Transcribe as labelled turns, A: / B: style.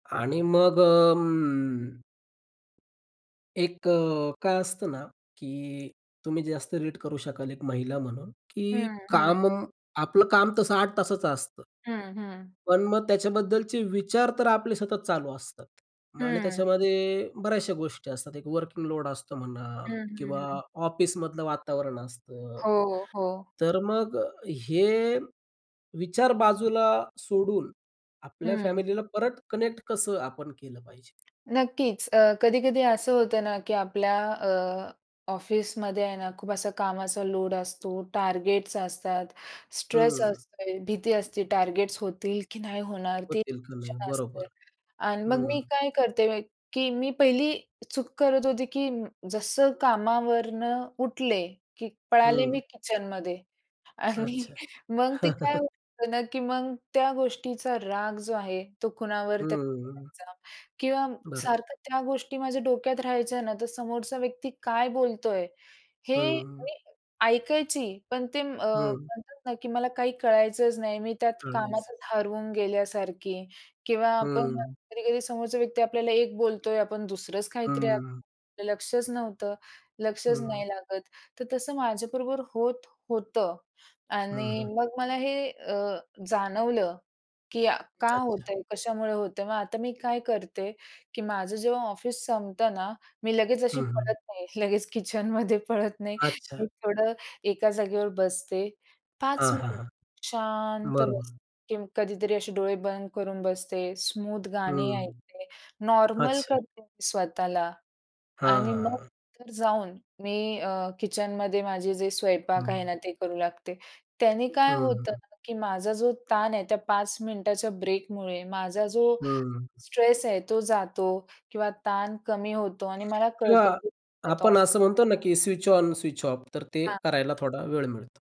A: आणि मग अं एक अ, काय असतं ना. की तुम्ही जास्त रीड करू शकाल एक महिला म्हणून, की
B: हं, हं.
A: काम आपलं काम तसं 8 तासाचं असतं.
B: हं, हं.
A: पण मग त्याच्याबद्दलचे विचार तर आपले सतत चालू असतात. आणि
B: हं.
A: त्याच्यामध्ये बऱ्याचशा गोष्टी असतात. एक वर्किंग लोड असतो म्हणा
B: हं, हं,
A: किंवा
B: हं.
A: ऑफिसमधलं वातावरण असतं.
B: हो, हो.
A: तर मग हे विचार बाजूला सोडून आपल्या
B: हं.
A: फॅमिलीला परत कनेक्ट कसं आपण केलं पाहिजे?
B: नक्कीच. अ, कधी-कधी असं होतं ना, की आपल्या अ, ऑफिसमध्ये आहे ना खूप असा कामाचा लोड असतो, टार्गेट्स असतात, स्ट्रेस
A: हं.
B: असतो, भीती असते, टार्गेट्स होतील की नाही होणार ते
A: होतील का नाही
B: टेन्शन असते.
A: बरोबर.
B: आणि मग
A: हं.
B: मी काय करते, की मी पहिली चूक करत होती की जसं कामावरून उठले, की पळाले मी
A: हं.
B: किचनमध्ये. आणि
A: अच्छा.
B: मग ते काय होतं ना, की मग त्या गोष्टीचा राग जो आहे तो कुणावर
A: हं,
B: तरी
A: हं, हं.
B: काढायचा. किंवा
A: बरोबर.
B: सारखं त्या गोष्टी माझ्या डोक्यात राहायच्या ना तर समोरचा व्यक्ती काय बोलतोय, हे
A: हं.
B: मी ऐकायची पण ते अ,
A: हं.
B: म्हणतात ना की मला काही कळायचंच नाही मी त्यात
A: कळायचं.
B: कामातच हरवून गेल्यासारखी किंवा आपण
A: हं.
B: कधी-कधी समोरचा व्यक्ती आपल्याला एक बोलतोय, आपण दुसरंच
A: हं,
B: काहीतरी
A: हं.
B: लक्षच नव्हतं, लक्षच
A: हं.
B: नाही लागत. तर तसं माझ्याबरोबर होत होतं.
A: हं,
B: आणि
A: हं.
B: मग मला हे अ, जाणवलं की का
A: अच्छा.
B: होतंय? कशामुळे होतंय? मग आता मी काय करते की माझं जेव्हा ऑफिस संपतं ना, मी लगेच अशी
A: हं, हं.
B: पळत नाही लगेच किचनमध्ये पळत नाही.
A: अच्छा.
B: मी थोडं एका जागेवर बसते, 5
A: हां, हां,
B: मिनिटं
A: हां.
B: शांत
A: बरं,
B: बसते
A: बरं.
B: किंवा कधीतरी असे डोळे बंद करून बसते, स्मूथ गाणे
A: हं.
B: ऐकते, नॉर्मल
A: अच्छा.
B: करते मी स्वतःला.
A: हां,
B: आणि मग
A: हां.
B: तर जाऊन मी अ, किचनमध्ये माझे जे स्वयंपाक
A: हं,
B: आहे
A: हं.
B: ना ते करू लागते. त्याने काय
A: हं,
B: होतं
A: हं.
B: ना की माझा जो ताण आहे त्या 5 मिनिटाच्या ब्रेकमुळे माझा जो
A: हं, हं.
B: स्ट्रेस आहे, तो जातो किंवा ताण कमी होतो आणि मला
A: किंवा
B: कळतं की मी आता
A: आपण
B: ऑफ
A: असं म्हणतो ना की स्विच ऑन, स्विच ऑफ तर ते
B: हां.
A: करायला थोडा वेळ मिळतो.